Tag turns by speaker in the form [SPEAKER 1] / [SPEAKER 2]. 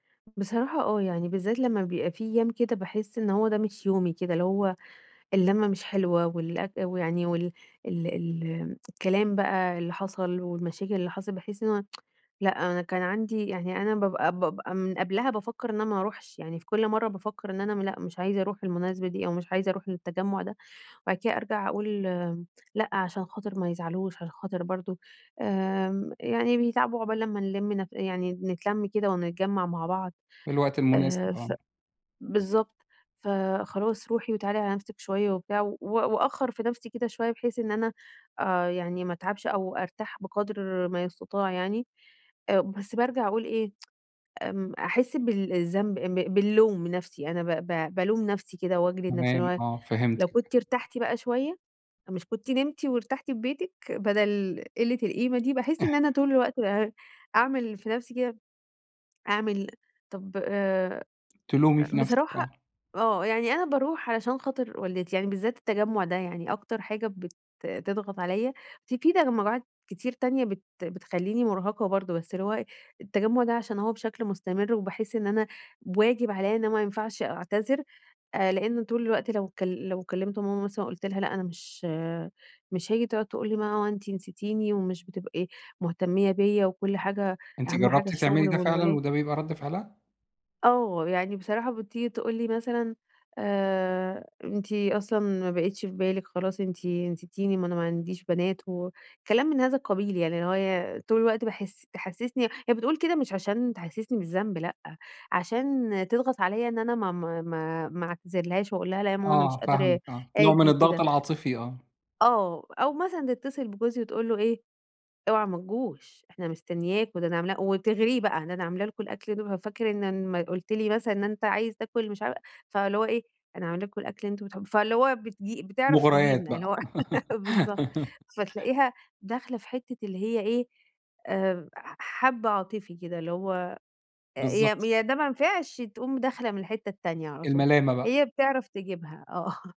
[SPEAKER 1] بصراحة آه، يعني بالذات لمّا بيبقى في أيّام كده باحس إن هو ده مش يومي كده، اللي هو اللمة مش حلوة والأك ويعني وال ال ال الكلام بقى اللي حصل والمشاكل اللي حصلت، باحس إن هو لأ أنا كان عندي يعني أنا بابقى بابقى من قبلها بافكّر إن أنا ما أروحش، يعني في كل مرّة بافكّر إن أنا لأ مش عايزة أروح المناسبة دي أو مش عايزة أروح للتجمع ده، وبعد كده أرجع أقول لأ علشان خاطر ما يزعلوش، علشان خاطر برضو آمم، يعني بيتعبوا عقبال لمّا نلم نف يعني نتلم كده ونتجمع مع بعض،
[SPEAKER 2] في الوقت المناسب،
[SPEAKER 1] آآ
[SPEAKER 2] آه.
[SPEAKER 1] ف بالضبط، فخلاص روحي وتعالي على نفسك شويّة وبتاع، و وأأخر في نفسي كده شويّة بحيث إن أنا آآ، يعني ما أتعبش أو أرتاح بقدر ما يستطاع يعني، آآ، بس بارجع أقول إيه؟ امم، أحس بال الذنب آآ ب باللوم من نفسي، أنا ب ب بالوم نفسي كده وأجلد نفسي، اللي
[SPEAKER 2] تمام،
[SPEAKER 1] هو
[SPEAKER 2] آه،
[SPEAKER 1] لو
[SPEAKER 2] فهمتِك.
[SPEAKER 1] كنتِ ارتحتِ بقى شويّة، مش كنتِ نمتِ وارتحتِ في بيتك بدل قلّة القيمة دي؟ باحس إن أنا طول الوقت [unintelligible] أعمل في نفسي كده، أعمل طب آآ
[SPEAKER 2] تلومي في نفسِك،
[SPEAKER 1] بصراحة
[SPEAKER 2] آه.
[SPEAKER 1] آه، يعني أنا باروح علشان خاطر والدتي، يعني بالذات التجمع ده يعني أكتر حاجة بت تضغط عليَّ، ف في تجمعات كتير تانية بت بتخليني مرهقة برضو، بس اللي هو إيه، التجمع ده علشان هو بشكل مستمر، وباحس إن أنا واجب عليَّ إن ما ينفعش أعتذر آآ؛ لأنّه طول الوقت لو كل لو كلمت ماما مثلًا قلت لها لأ أنا مش مش هاجي، تقعد تقول لي ما هو أنتِ نسيتيني ومش بتبقي مهتمية بيّا، وكل حاجة
[SPEAKER 2] أنتِ
[SPEAKER 1] أهم حاجة
[SPEAKER 2] جربتِ تعملي
[SPEAKER 1] الشغل
[SPEAKER 2] ده فعلًا
[SPEAKER 1] والولاد.
[SPEAKER 2] وده بيبقى رد فعلها؟
[SPEAKER 1] آه، يعني بصراحة بتيجي تقول لي مثلًا آآ، أنتِ أصلًا ما بقيتش في بالِك خلاص، أنتِ أنتِ نسيتيني، ما أنا ما عنديش بنات، وكلام من هذا القبيل يعني، اللي هوي طول الوقت باحس تحسسني هي بتقول كده مش علشان تحسسني بالذنب، لأ، علشان تضغط عليَّ إن أنا ما ما ما ما أعتذرلهاش وأقول لها لأ يا ماما أنا مش
[SPEAKER 2] آه،
[SPEAKER 1] قادرة
[SPEAKER 2] فاهمِك آه، نوع من
[SPEAKER 1] أجي
[SPEAKER 2] الضغط
[SPEAKER 1] كده.
[SPEAKER 2] العاطفي، آه.
[SPEAKER 1] آه، أو مثلًا تتصل بجوزي وتقول له إيه، اوعى ما تجوش إحنا مستنياكم، ده أنا عامل وتغريه بقى، ده أنا عاملة لكم الأكل [unintelligible] فاكر إن لما قلت لي مثلًا إن أنت عايز تاكل مش ع فاللي هو إيه أنا عاملة لكم الأكل اللي أنتم بتحبوه، فاللي هو بتج بتعرف
[SPEAKER 2] مغريات
[SPEAKER 1] تجيبنا، اللي
[SPEAKER 2] بقى.
[SPEAKER 1] هو بالضبط، فتلاقيها داخلة في حتّة اللي هي إيه، آآ ح حبّة عاطفي كده، اللي هو أ ي
[SPEAKER 2] بالضبط.
[SPEAKER 1] ي ده ما نفعش تقوم داخلة من الحتّة التانية على طول،
[SPEAKER 2] الملامة بقى.
[SPEAKER 1] هي بتعرف تجيبها آه